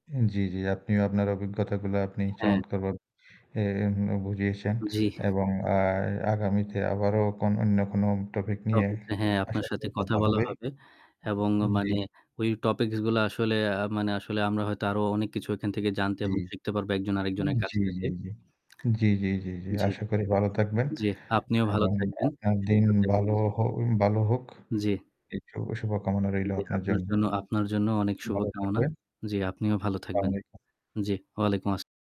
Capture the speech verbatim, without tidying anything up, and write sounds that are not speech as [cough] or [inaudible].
উম জ্বি, জ্বি, আপনিও আপনার অভিজ্ঞতাগুলো আপনি হ্যাঁ। চমৎকারভাবে এ এম বুঝিয়েছেন জ্বি। এবং আ আগামীতে আবারও কন অইন্য কোনো topic নিয়ে Topics এ হ্যাঁ, আশা আপনার সাথে করি কথা কথা বলা হবে। হবে। এবং আ জ্বী। মানে ওই topics গুলা আসলে আ মানে আসলে আমরা হয়তো আরো অনেক কিছু ওইখান থেকে জানতে জ্বী। এবং শিখতে পারবো একজন আরেকজনের কাছ জ্বী, থেকে। জ্বী, জ্বী। জ্বী, জ্বী, জ্বী, জ্বী। [smacks lips] জ্বি। আশা করি ভালো থাকবেন। জ্বী, আপনিও ভালো এবং থাকবেন, আপনার দিন সুস্থ থাকবেন। ভালো জি। হো বালো হোক। জ্বি। এই শুভ শুভকামনা রইলো জ্বী, আপনার আপনার জন্য। জন্য আপনার জন্য অনেক শুভ ভালো কামনা। থাকবেন। জ্বি, আপনিও ভালো থাকবেন। স্লামালাইকুম। জ্বি, ওয়ালাইকুম আসসালাম।